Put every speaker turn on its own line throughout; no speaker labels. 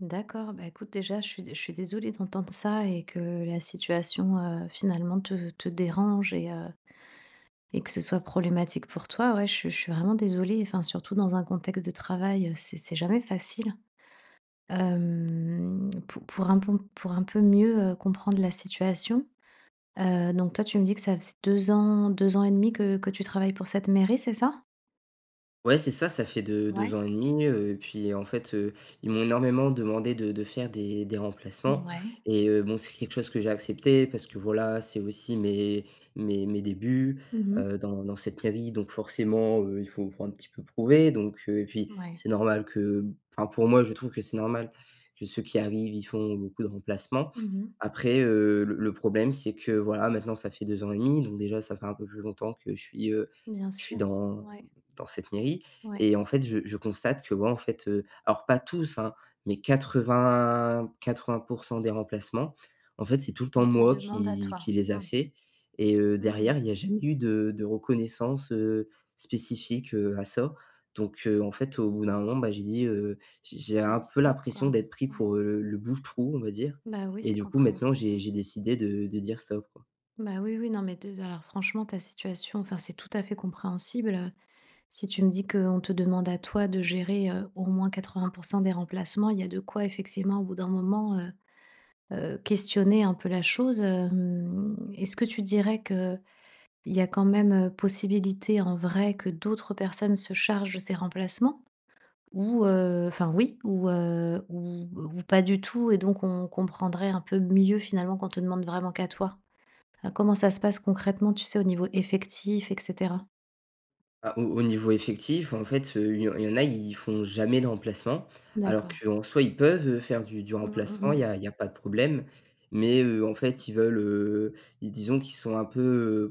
D'accord. Bah, écoute, déjà, je suis dé je suis désolée d'entendre ça et que la situation, heu, finalement, te te dérange et heu et que ce soit problématique, pour toi. Ouais. Je suis je suis vraiment désolée, enfin, surtout dans un contexte de travail, heu, c'est c'est jamais facile. Hem, pou pour un bon, pour un peu mieux, heu, comprendre la situation, heu, donc, toi, tu me dis que ça faisait 2 ans, 2 ans et demi que que tu travailles pour cette mairie, c'est ça?
Ouais. C'est ça. Ça fait 2- 2
Mouais.
ans et demi, heu et puis, en fait, heu, ils m'ont énormément demandé de de faire des des
N
remplacements
ouais.
et heu, bon, c'est quelque chose que j'ai accepté. Parce que, voilà, c'est aussi mes mes mes débuts,
Mmh mh.
heu, dans dans cette mairie. Donc, forcément, heu, il faut faut un petit peu prouver. Donc, heu et puis,
Mouais.
c'est normal que b enfin, pour moi, je trouve que c'est normal que ceux qui arrivent, ils font beaucoup de remplacements.
Mmh mh.
Après, heu, le le problème c'est que, voilà, maintenant, ça fait 2 ans et demi. Donc, déjà, ça fait un peu plus longtemps que je suis, heu,
Bien
je suis
sûr.
dans
Ouais.
dans cette mairie
Ouais.
et en fait, je je constate que moi, en fait, heu, alors, pas tous, hein, mais 80- 80 % des remplacements, en fait, c'est tout le temps
On te
moi
demande à
qui qui
toi.
les a
Mmh.
fait et heu,
Mmh mh.
derrière, il y a jamais eu de de reconnaissance, heu, spécifique, heu, à ça. Donc, heu, en fait, au bout d'un moment, bah, j'ai dit, heu: «J'ai j'ai
Tu as
un
dit:
peu
«Stop», quoi.
l'impression d'être pris
Ouais.
pour, heu, le le bouche-trou, on va dire»
Bah, oui,
et
c'est
du coup, maintenant,
compréhensible.
j'ai j'ai décidé de de dire: «Stop», quoi.
Bah, oui, oui. Non, mais, te de alors, franchement, ta situation enfin, c'est tout à fait compréhensible, heu. Si tu me dis qu'on te demande à toi de gérer, heu, au moins 80 % des remplacements, il y a de quoi, effectivement, au bout d'un moment, heu heu, questionner un peu la chose, hem. Est-ce que tu dirais qu'il y a quand même, heu, possibilité, en vrai, que d'autres personnes se chargent de ces remplacements? Ou, heu enfin, oui, ou, heu ou, heu, ou pas du tout et donc, on comprendrait un peu mieux, finalement, qu'on te demande vraiment qu'à toi? Enfin comment ça se passe concrètement, tu sais, au niveau effectif et cetera?
Ah au au niveau effectif, en fait, heu, il y en il y en a, ils font jamais de remplacement. Alors
D'accord.
qu'en soi, ils peuvent, heu, faire du du
Mmh mh
remplacement. Il
mh.
y a il y a pas de problème. Mais, heu, en fait, ils veulent, heu, ils disons qu'ils sont un peu,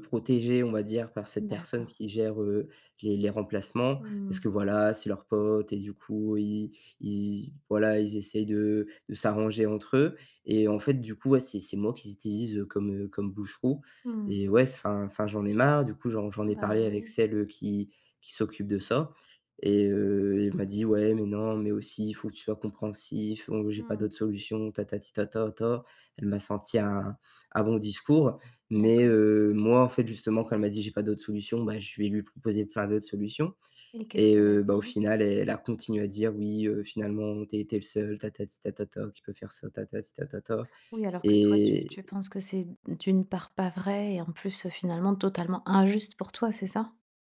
heu, protégés, on va dire, par cette personne
D'accord.
qui gère, heu, les les remplacements
Mmh
parce que,
mh.
voilà, c'est leur pote et du coup, ils ils, voilà, ils essayent de de s'arranger entre eux et en fait, du coup, ouais, c'est c'est moi qu'ils utilisent, heu, comme, heu, comme bouche-trou
Mmh.
et ouais, s enfin enfin, j'en ai marre, du coup. J'en j'en ai
Bah,
parlé avec
oui.
celle, heu, qui qui s'occupe de ça et heu, elle m'a dit: «Ouais, mais non, mais aussi, il faut que tu sois compréhensif, donc j'ai pas
Mmh.
d'autres solutions, tatati tatata». Elle m'a sorti un un bon discours. Mais,
D'accord.
heu, moi, en fait, justement, quand elle m'a dit: «J'ai pas d'autres solutions», bah, je vais lui proposer plein d'autres solutions
Et qu'est-ce
et
qu'elle a
heu, bah, au
dit?
final, elle a continué à dire: «Oui, heu, finalement, tu as été le seul, tatati tatata, qui peut faire ça, tatati tatata»
Oui, alors que toi, tu
et
tu penses que c'est d d'une part, pas vrai et en plus, heu, finalement, totalement injuste pour toi, c'est ça?